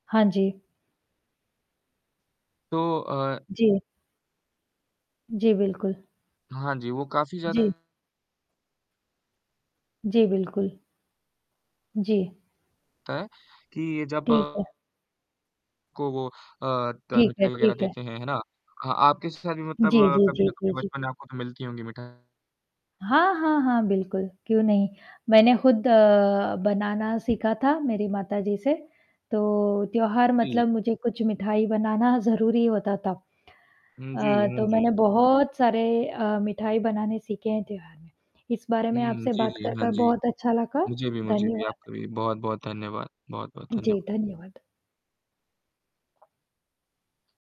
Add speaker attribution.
Speaker 1: हाँ जी।
Speaker 2: तो, अ
Speaker 1: जी। जी, बिल्कुल।
Speaker 2: हाँ जी, वो काफ़ी
Speaker 1: जी।
Speaker 2: ज़्यादा
Speaker 1: जी, बिल्कुल। जी।
Speaker 2: ता है कि जब
Speaker 1: ठीक है।
Speaker 2: को वो अ, द
Speaker 1: ठीक है,
Speaker 2: मिठाई वगैरह
Speaker 1: ठीक है।
Speaker 2: देते हैं, है ना? हाँ, आपके साथ भी मतलब
Speaker 1: जी, जी,
Speaker 2: कभी
Speaker 1: जी,
Speaker 2: ना
Speaker 1: जी,
Speaker 2: कभी
Speaker 1: जी।
Speaker 2: बचपन में आपको तो मिलती होंगी मिठाई?
Speaker 1: हाँ, हाँ, हाँ, बिल्कुल। क्यों नहीं? मैंने खुद अ, बनाना सीखा था मेरी माताजी से, तो त्योहार
Speaker 2: जी।
Speaker 1: मतलब मुझे कुछ मिठाई बनाना ज़रूरी होता तब।
Speaker 2: हुँ, जी।
Speaker 1: अ,
Speaker 2: हाँ
Speaker 1: तो मैंने
Speaker 2: जी।
Speaker 1: बहुत सारे अ, मिठाई बनाने सीखे हैं त्योहार में, इस बारे में
Speaker 2: हुँ,
Speaker 1: आपसे
Speaker 2: जी,
Speaker 1: बात
Speaker 2: जी,
Speaker 1: कर,
Speaker 2: हाँ
Speaker 1: कर
Speaker 2: जी।
Speaker 1: बहुत अच्छा लगा।
Speaker 2: मुझे भी मुझे भी
Speaker 1: धन्यवाद।
Speaker 2: आपका भी बहुत-बहुत धन्यवाद बहुत-बहुत
Speaker 1: जी,
Speaker 2: धन्यवाद।
Speaker 1: धन्यवाद।